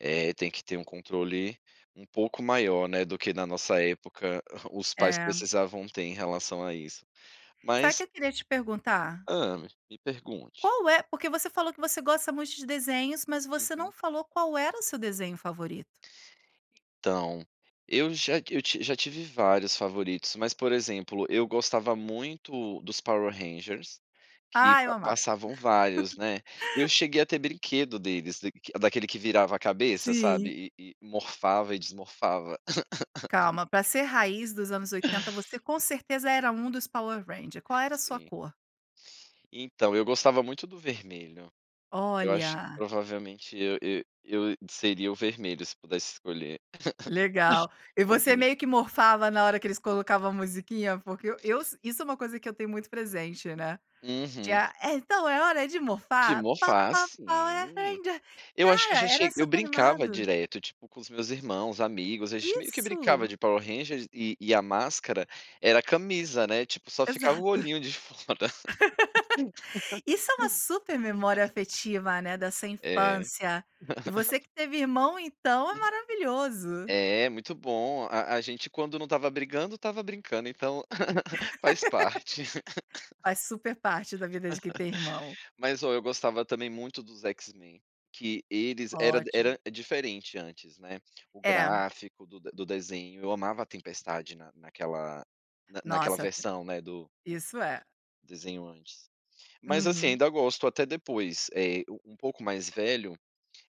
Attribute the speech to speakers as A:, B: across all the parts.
A: É, tem que ter um controle um pouco maior, né, do que na nossa época os pais
B: Eh.
A: precisavam ter em relação a isso.
B: Sabe que
A: Mas
B: eu queria te perguntar?
A: Hã. Me pergunte.
B: Qual é porque você falou que você gosta muito de desenhos, mas você não
A: Uhum.
B: falou qual era o seu desenho favorito.
A: Então, eu já ti eu tiv já tive vários favoritos, mas, por exemplo, eu gostava muito dos Power Rangers, que
B: Ai, eu
A: pa
B: amava.
A: passavam vários, né. Eu cheguei a ter brinquedo deles, da daquele que virava a cabeça,
B: Sim.
A: sabe. E e morfava e desmorfava.
B: Calma, para ser raiz dos anos 80, você, com certeza, era um dos Power Ranger. Qual era a sua
A: Sim.
B: cor?
A: Então, eu gostava muito do vermelho. Eu acho que,
B: Olha.
A: provavelmente, eu eu seria o vermelho, se pudesse escolher.
B: Legal, e você
A: Combina.
B: meio que "morfava" na hora que eles colocavam a musiquinha, porque eus isso é uma coisa que eu tenho muito presente, né. De,
A: Uhum.
B: ah: "Então é hora de
A: De
B: morfar!". "Po
A: "morfar",
B: po power
A: sim.
B: rangers."
A: Eu acho que eu
B: Cara,
A: já
B: era
A: cheguei eu
B: super
A: brincava
B: animado!
A: direto, tipo com meus irmãos, amigos, a gente meio que brincava
B: Isso.
A: de Power Ranger, e e a máscara era a camisa, né, tipo, só ficava o
B: Exato.
A: olhinho de fora.
B: Isso é uma super memória afetiva, né, da sua
A: É.
B: infância, e você que teve irmão, então, é
A: [unintelligible]
B: maravilhoso.
A: É, muito bom. A a gente, quando não estava brigando, estava brincando, então, faz parte.
B: Faz super parte da vida de quem tem irmão.
A: Mas ó, eu gostava também muito dos X-Men, que eles era
B: Ótimo.
A: era diferente antes, né, o
B: É.
A: gráfico do do desenho, eu amava a Tempestade na naquela na naquela
B: Nossa,
A: versão, né, do
B: isso é.
A: desenho antes. Mas, assim,
B: Uhum.
A: ainda gosto até depois, eh, um pouco mais velho,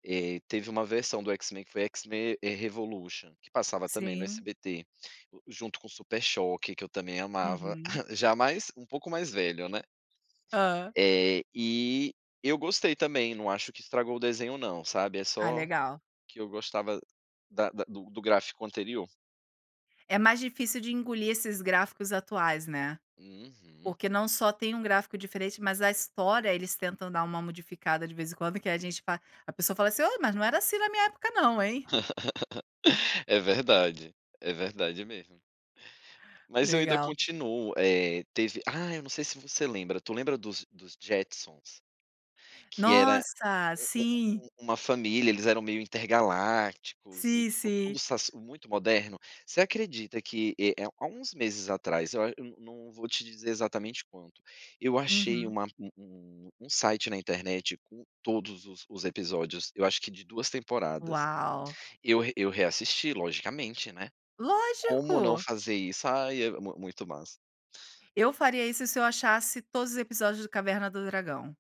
A: eh, teve uma versão do X-Men que foi "X-Men", eh, "Revolution", que passava também no
B: Sim.
A: SBT, junto com o Super Choque, que eu também amava,
B: Uhum.
A: já mais um pouco mais velho, né.
B: Hã.
A: Eh. E eu gostei também, não acho que estragou o desenho, não, sabe. É
B: Ah,
A: só,
B: legal.
A: que eu gostava da da do do gráfico anterior.
B: É mais difícil de engolir esses gráficos atuais, né.
A: Uhum.
B: Porque não só tem um gráfico diferente, mas a história eles tentam dar uma modificada, de vez em quando, que a gente fa a pessoa fala assim: "Ô, mas não era assim na minha época, não, hein!".
A: É verdade, é verdade mesmo. Mas eu ainda
B: Legal.
A: continuo, eh, teve ah, eu não sei se você lembra, tu lembra dos dos Jetsons? Que era
B: Nossa,
A: um um
B: sim.
A: um uma família, eles eram meio intergalácticos e,
B: Sim,
A: tipo,
B: sim.
A: tudo sas muito moderno? Você acredita que, eh eh, há uns meses atrás, eu ach eu não vou te dizer exatamente quando, eu achei
B: Uhum.
A: uma um um um site na internet com todos os os episódios, eu acho que de 2 temporadas.
B: Uau.
A: Eu eu reassisti, logicamente, né. Como não
B: Lógico.
A: fazer isso? Ai, é v muito massa.
B: Eu faria isso se eu achasse todos os episódios de Caverna do Dragão.